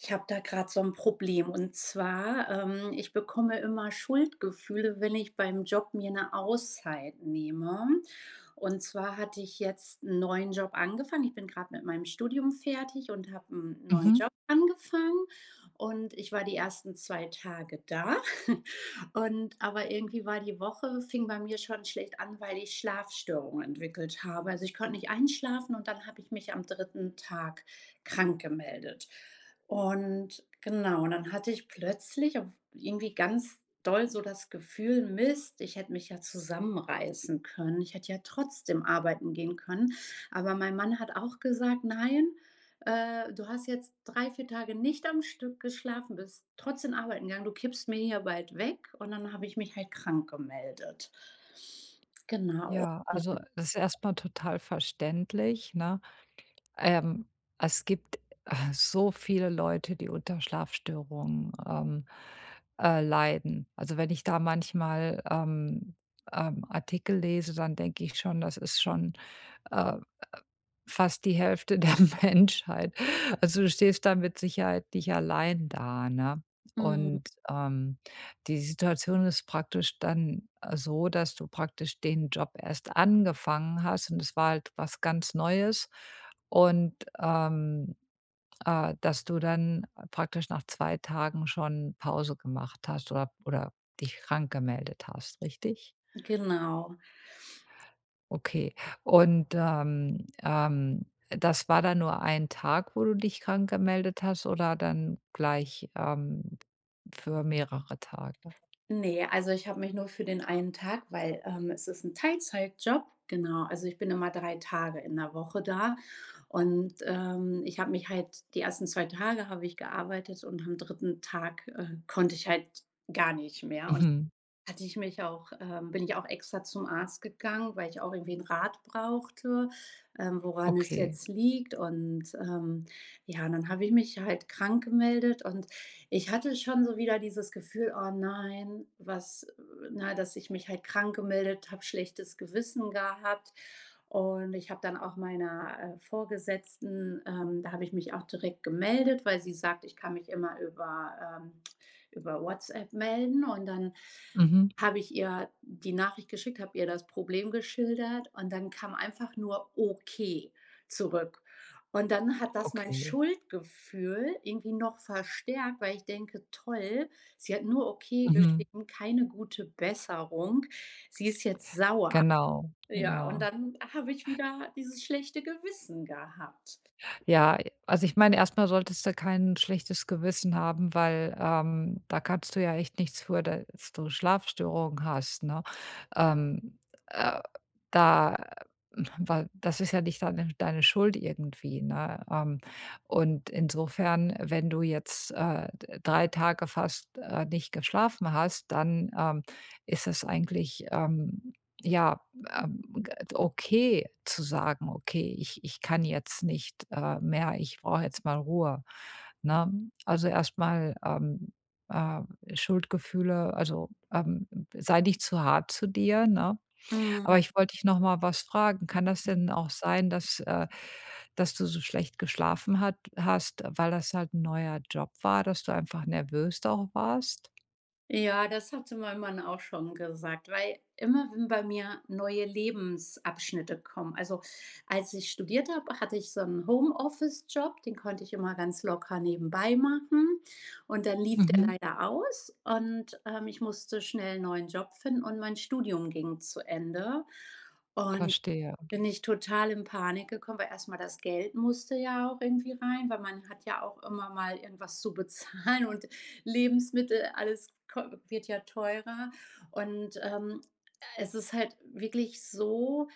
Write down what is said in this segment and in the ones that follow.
Ich habe da gerade so 'n Problem, und zwar, ähm, ich bekomme immer Schuldgefühle, wenn ich beim Job mir 'ne Auszeit nehme. Und zwar hatte ich jetzt 'n neuen Job angefangen. Ich bin grad mit meinem Studium fertig und habe 'n neuen Mhm. Job angefangen und ich war die 1. 2 Tage da. Und aber irgendwie war die Woche fing bei mir schon schlecht an, weil ich Schlafstörungen entwickelt habe. Also, ich konnte nicht einschlafen und dann habe ich mich am 3. Tag krankgemeldet. Und genau, dann hatte ich plötzlich auch irgendwie ganz doll so das Gefühl: „Mist, ich hätte mich ja zusammenreißen können. Ich hätte ja trotzdem arbeiten gehen können.“ Aber mein Mann hat auch gesagt: „Nein, äh, du hast jetzt 3, 4 Tage nicht am Stück geschlafen, bist trotzdem arbeiten gegangen. Du kippst mir hier bald weg.“ Und dann habe ich mich halt krankgemeldet. Genau. Ja, also, [unintelligible] das ist erstmal total verständlich, ne? Ähm, es gibt, äh, so viele Leute, die unter Schlafstörungen, ähm, äh, leiden. Also, wenn ich da manchmal, ähm, ähm, Artikel lese, dann denke ich schon, das ist schon, äh, äh, fast die Hälfte der Menschheit. Also, du stehst dann mit Sicherheit nicht allein da, ne? Mhm. Und, ähm, die Situation ist praktisch dann, äh, so, dass du praktisch den Job erst angefangen hast. Und es war halt was ganz Neues und, ähm, äh, dass du dann praktisch nach 2 Tagen schon Pause gemacht hast oder oder dich krankgemeldet hast, richtig? Genau. Okay. Und, ähm, ähm, das war dann nur 1 Tag, wo du dich krank gemeldet hast, oder dann gleich, ähm, für mehrere Tage? Ne, also ich habe mich nur für den 1 Tag, weil, ähm es ist 'n Teilzeitjob, genau. Also, ich bin immer 3 Tage in der Woche da und, ähm, ich habe mich halt die ersten 2 Tage habe ich gearbeitet und am 3. Tag, äh, konnte ich halt gar nicht mehr. [unintelligible] Mhm. hatte ich mich auch, ähm bin ich auch extra zum Arzt gegangen, weil ich auch irgendwie 'nen Rat brauchte, ähm, woran es Okay. jetzt liegt und, ähm, ja, dann habe ich mich halt krank gemeldet und ich hatte schon so wieder dieses Gefühl: „Oh nein, was, äh“ Na, dass ich mich halt krank gemeldet habe schlechtes Gewissen gehabt und ich habe dann auch meiner, äh, Vorgesetzten, ähm da habe ich mich auch direkt gemeldet, weil sie sagt: „Ich kann mich immer über, ähm über WhatsApp melden.“ Und dann Mhm. habe ich ihr die Nachricht geschickt, habe ihr das Problem geschildert und dann kam einfach nur „Okay“ zurück. Und dann hat das mein Okay. Schuldgefühl irgendwie noch verstärkt, weil ich denke: „Toll, sie hat nur 'Okay' Mhm. geschrieben, keine gute Besserung. Sie ist jetzt sauer.“ Genau, Ja, und ja. dann habe ich wieder dieses schlechte Gewissen gehabt. Ja. Also, ich meine, erstmal solltest du kein schlechtes Gewissen haben, weil, ähm, da kannst du ja echt nichts für, dass du Schlafstörungen hast, ne? Ähm, äh, da, äh, hm weil das ist ja nicht dann deine Schuld irgendwie, ne? Ähm, und insofern, wenn du jetzt, äh, 3 Tage fast, äh, nicht geschlafen hast, dann, ähm, ist es eigentlich, ähm, ja, ähm, äh, okay zu sagen: „Okay, ich ich kann jetzt nicht, äh, mehr, ich brauche jetzt mal Ruhe“, ne? Also, erstmal, ähm, äh Schuldgefühle, also, ähm sei nicht zu hart zu dir, ne? Aber Mhm. ich wollte dich nochmal was fragen: Kann das denn [unintelligible] auch sein, dass, äh dass du so schlecht geschlafen hat hast, weil das halt 'n neuer Job war, dass du einfach nervös da auch warst? Ja, das hatte mein Mann auch schon gesagt, weil, immer wenn bei mir neue Lebensabschnitte kommen also, als ich studiert habe, hatte ich so 'n Homeoffice-Job, den konnte ich immer ganz locker nebenbei machen und dann lief der Mhm. leider aus und, ähm, ich musste schnell 'n neuen Job finden und mein Studium ging zu Ende und Verstehe. bin ich total in Panik gekommen, weil erstmal das Geld musste ja auch irgendwie rein, weil man hat ja auch immer mal irgendwas zu bezahlen und Lebensmittel, alles ko wird ja teurer und, ähm, es ist halt wirklich so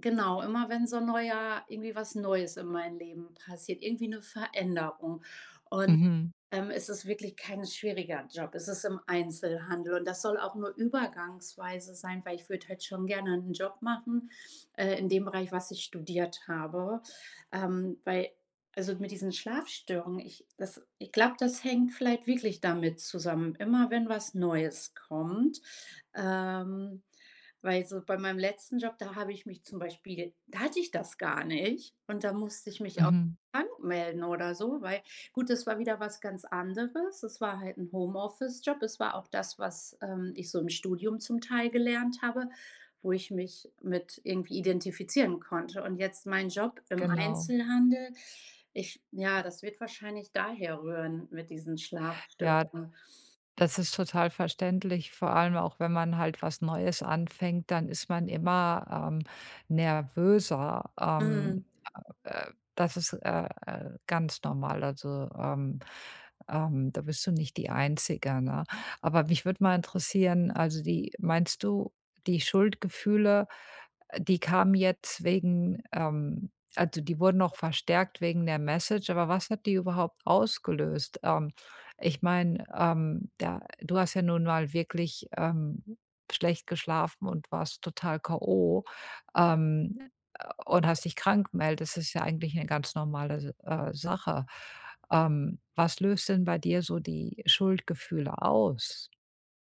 genau, immer wenn so 'n neuer irgendwie was Neues in meinem Leben passiert. Irgendwie 'ne Veränderung und, Mhm. ähm, es ist wirklich kein schwieriger Job. Es ist im Einzelhandel und das soll auch nur übergangsweise sein, weil ich würde halt schon gerne 'nen Job machen, äh, in dem Bereich, was ich studiert habe. Ähm, weil also, mit diesen Schlafstörungen, ich das ich glaube, das hängt vielleicht wirklich damit zusammen. Immer wenn was Neues kommt. Ähm, weil so bei meinem letzten Job, da habe ich mich zum Beispiel da hatte ich das gar nicht und da musste ich mich auch Mhm. krank melden oder so, weil gut, das war wieder was ganz anderes. Es war halt 'n Homeoffice-Job, es war auch das, was, ähm, ich so im Studium zum Teil gelernt habe, wo ich mich mit irgendwie identifizieren konnte. Und jetzt meinen Job im Genau. Einzelhandel, ich ja, das wird wahrscheinlich daher rühren mit diesen Ja. Schlafstörungen. Das ist total verständlich, vor allem auch wenn man halt was Neues anfängt, dann ist man immer, ähm, nervöser. Mhm. Ähm, äh, das ist, äh, äh, ganz normal, also, ähm, ähm, da bist du nicht die Einzige, ne? Aber mich würde mal interessieren, also, die meinst du, die Schuldgefühle, äh, die kamen jetzt wegen ähm, also, die wurden noch verstärkt wegen der Message, aber was hat die überhaupt ausgelöst? Ähm, ich meine, ähm, da du hast ja nun mal wirklich, ähm, schlecht geschlafen und warst total K.O. Ähm, und hast dich krank gemeldest. Das ist ja eigentlich eine ganz normale, S äh, Sache. Ähm, was löst denn bei dir so die Schuldgefühle aus?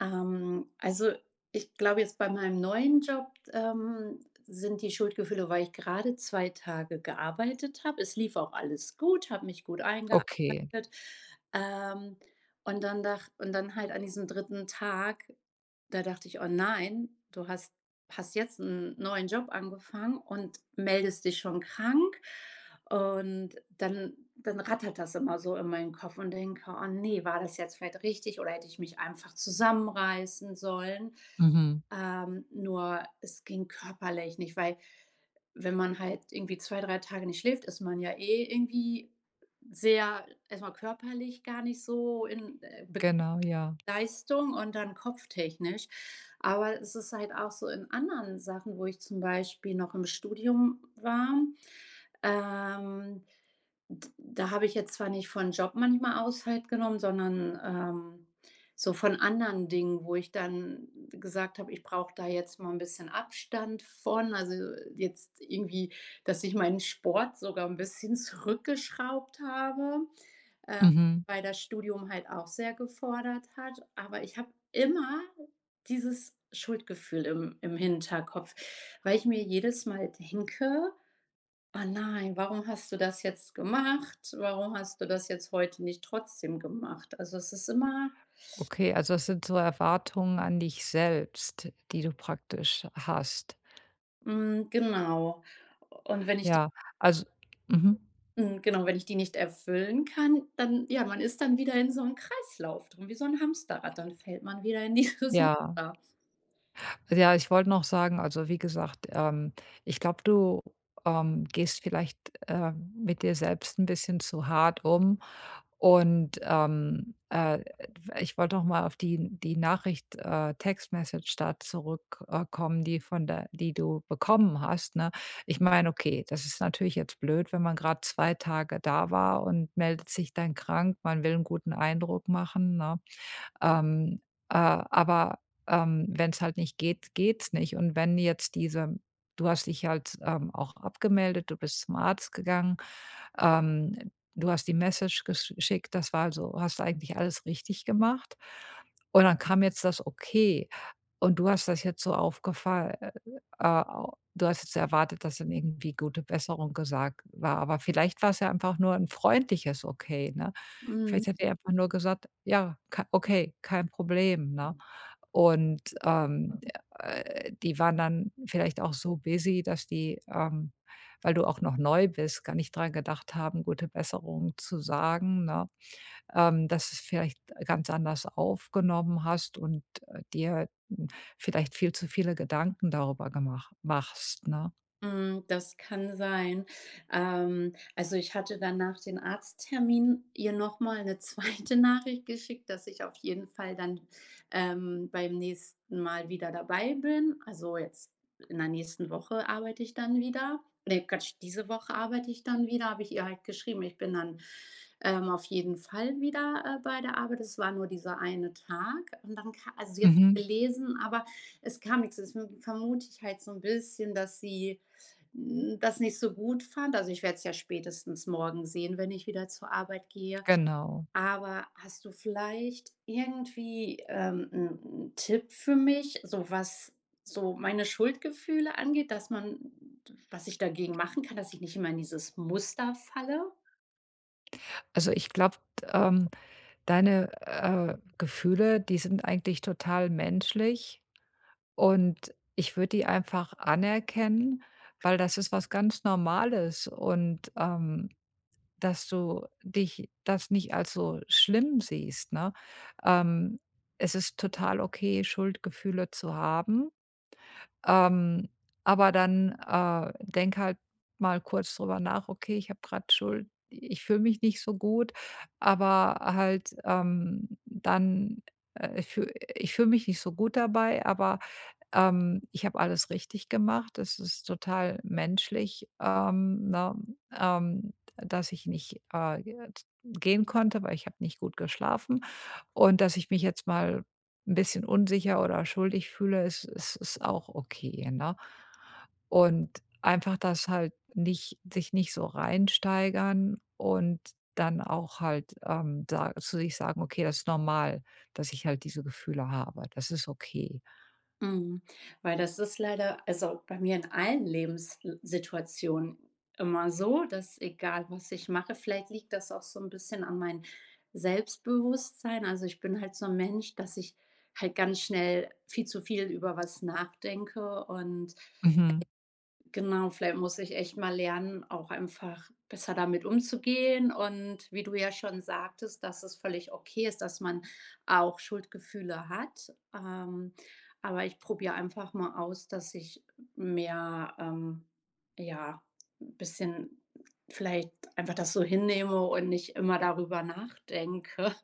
Ähm, also, ich glaube jetzt bei meinem neuen Job, ähm, sind die Schuldgefühle, weil ich gerade 2 Tage gearbeitet habe. Es lief auch alles gut, habe mich gut eingearbeitet. Okay. Ähm, und dann dach und dann halt an diesem 3. Tag, da dachte ich: „Oh, nein, du hast hast jetzt 'n neuen Job angefangen und meldest dich schon krank.” Und dann dann rattert das immer so in meinen Kopf und denke: „Oh ne, war das jetzt vielleicht richtig oder hätte ich mich einfach zusammenreißen sollen.” Mhm. Ähm, nur es ging körperlich nicht, weil wenn man halt irgendwie 2, 3 Tage nicht schläft, ist man ja eh irgendwie sehr erst mal körperlich gar nicht so in äh, beg Genau, ja. Leistung und dann kopftechnisch. Aber es ist halt auch so in anderen Sachen, wo ich zum Beispiel noch im Studium war, ähm, d da habe ich jetzt zwar nicht von Job manchmal aus halt genommen, sondern, ähm, so von anderen Dingen, wo ich dann gesagt habe: „Ich brauche da jetzt mal 'n bisschen Abstand von”, also, jetzt irgendwie, dass ich meinen Sport sogar 'n bisschen zurückgeschraubt habe, ähm, Mhm. weil das Studium halt auch sehr gefordert hat. Aber ich habe immer dieses Schuldgefühl im im Hinterkopf, weil ich mir jedes Mal denke: „Ah, nein, warum hast du das jetzt gemacht? Warum hast du das jetzt heute nicht trotzdem gemacht?” Also, es ist immer Okay, also, es sind so Erwartungen an dich selbst, die du praktisch hast? Mhm, genau, u und wenn ich die Ja, also mhm. mhm, genau, wenn ich die nicht erfüllen kann, dann ja, man ist dann wieder in so 'nem Kreislauf drin, wie so 'n Hamsterrad. Dann fällt man wieder in dieses Ja.r Muster. Ja, ich wollte noch sagen also, wie gesagt, ähm, ich glaube, du, ähm, gehst vielleicht, ähm, mit dir selbst 'n bisschen zu hart um. Und, ähm, äh, ä f ich wollte noch mal auf die die Nachricht, äh, Text Message da zurück, äh, kommen, die von der die du bekommen hast, ne? Ich meine, okay, das ist natürlich jetzt blöd, wenn man grad 2 Tage da war und meldet sich dann krank. Man will 'n guten Eindruck machen, ne? Ähm, äh, aber, ähm, wenn's halt nicht geht, geht's nicht. Und wenn jetzt diese du hast dich ja jetzt, ähm, auch abgemeldet. Du bist zum Arzt gegangen. Ähm, du hast die Message gesch schickt. Das war also hast du eigentlich alles richtig gemacht. Und dann kam jetzt das Okay. Und du hast das jetzt so aufgefa ä ä äh, a du hast jetzt erwartet, dass dann irgendwie „Gute Besserung“ gesagt war. Aber vielleicht war's ja einfach nur 'n freundliches Okay, ne? Vielleicht Mhm. hat die ja einfach nur gesagt: „Ja, ka okay, kein Problem“, ne? Und, ähm, ä ä äh, die waren dann vielleicht auch so busy, dass die, ähm, weil du auch noch neu bist, gar nicht dran gedacht haben, „Gute Besserung“ zu sagen, ne, ähm, dass du's vielleicht ganz anders aufgenommen hast und, äh, dir halt n vielleicht viel zu viele Gedanken darüber gemach machst, ne? Mhm, das kann sein. Ähm, also, ich hatte dann nach dem Arzttermin ihr nochmal 'ne 2. Nachricht geschickt, dass ich auf jeden Fall dann, ähm, beim nächsten Mal wieder dabei bin. Also, jetzt in der nächsten Woche arbeite ich dann wieder. Ne! Quatsch! Diese Woche arbeite ich dann wieder, habe ich ihr halt geschrieben: „Ich bin dann, ähm, auf jeden Fall wieder, äh, bei der Arbeit.“ Das war nur dieser 1 Tag und darum ka also, sie hat's Mhm. gelesen, aber es kam nix. Deswegen vermute ich halt so 'n bisschen, dass sie, hm, das nicht so gut fand. Also, ich werde es ja spätestens morgen sehen, wenn ich wieder zur Arbeit gehe. Genau. Aber hast du vielleicht irgendwie, ähm, 'n 'n Tipp für mich, so was so meine Schuldgefühle angeht, dass man t was ich dagegen machen kann, dass ich nicht immer in dieses Muster falle? Also, ich glaube, ähm, deine, äh, Gefühle, die sind eigentlich total menschlich. Und ich würde die einfach anerkennen, weil das ist was ganz Normales. Und, ähm, dass du dich das nicht als so schlimm siehst, ne? Ähm, es ist total okay, Schuldgefühle zu haben. Ähm, aber dann, äh, denke halt mal kurz darüber nach: „Okay, ich habe grad Schuld Ich fühle mich nicht so gut, aber halt, ähm, dann, äh, ich fühl ich fühle mich nicht so gut dabei, aber ähm, ich habe alles richtig gemacht. Das ist total menschlich, ähm, ne? Ähm, d dass ich nicht, äh, g gehen konnte, weil ich habe nicht gut geschlafen. Und dass ich mich jetzt mal 'n bisschen unsicher oder schuldig fühle, es es ist auch okay, ne?“ Und einfach das halt nicht sich nicht so reinsteigern und dann auch halt, ähm, sa zu sich sagen: „Okay, das ist normal, dass ich halt diese Gefühle habe. Das ist okay.“ Mhm. Weil das ist leider, also, bei mir in allen Lebenssituationen immer so, dass egal was ich mache vielleicht liegt das auch so 'n bisschen an mein Selbstbewusstsein also, ich bin halt so 'n Mensch, dass ich halt ganz schnell viel zu viel über was nachdenke und Mhm. Genau, vielleicht muss ich echt mal lernen, auch einfach besser damit umzugehen und wie du ja schon sagtest, dass es völlig okay ist, dass man auch Schuldgefühle hat. Ähm. Aber ich probiere einfach mal aus, dass ich mehr, ähm ja, bisschen vielleicht einfach das so hinnehme und nicht immer darüber nachdenke.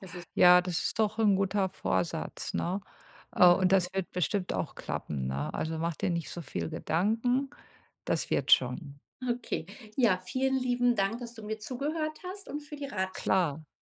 Das ist halt Ja, das ist doch 'n guter Vorsatz, ne? Äh, und Mhm. das wird bestimmt auch klappen, ne? Mhm. Also, mach dir nicht so viel Gedanken, das wird schon. Okay. Ja, vielen lieben Dank, dass du mir zugehört hast und für die Ratsch Klar.